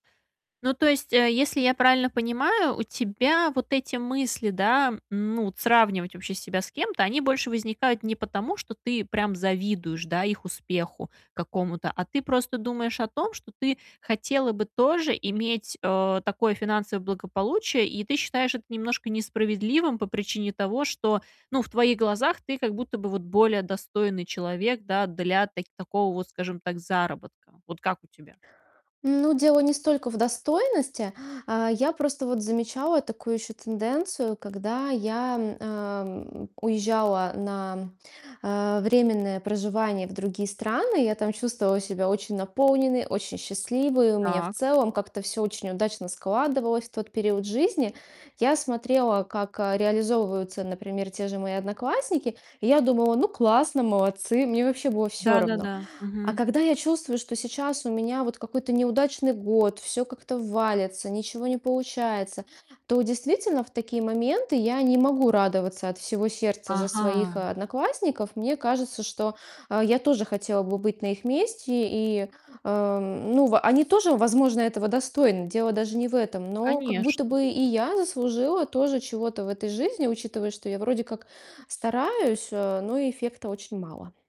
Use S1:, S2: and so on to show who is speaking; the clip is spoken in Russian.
S1: Ну, то есть, э, если я правильно понимаю, у тебя вот эти мысли, да, ну, от сравнивать вообще себя с кем-то, они больше возникают не потому, что ты прям завидуешь, да, их успеху какому-то, а ты просто думаешь о том, что ты хотела бы тоже иметь, э, такое финансовое благополучие. И ты считаешь это немножко несправедливым по причине того, что, ну, в твоих глазах ты как будто бы вот более достойный человек, да, для так такого вот, скажем так, заработка. Вот как у тебя?
S2: Ну, дело не столько в достойности. А я просто вот замечала такую еще тенденцию, когда я, м, ам, уезжала на, э, временное проживание в другие страны, я там чувствовала себя очень наполненной, очень счастливой. У меня в
S1: Так.
S2: целом как-то всё очень удачно складывалось в тот период жизни. Я смотрела, как, а, реализовываются, например, те же мои одноклассники. И я думала: "Ну, классно, молодцы". Мне вообще было всё равно.
S1: Да-да-да.
S2: А
S1: Мгм.
S2: когда я чувствую, что сейчас у меня вот какой-то неудачный год, всё как-то валится, ничего не получается, то, действительно, в такие моменты я не могу радоваться от всего сердца за своих
S1: Ага.
S2: одноклассников. Мне кажется, что, а, я тоже хотела бы быть на их месте и, э, ну, в они тоже, возможно, этого достойны. Дело даже не в этом, но как будто
S1: Конечно.
S2: бы и я заслужила тоже чего-то в этой жизни, учитывая, что я вроде как стараюсь, а, но эффекта очень мало.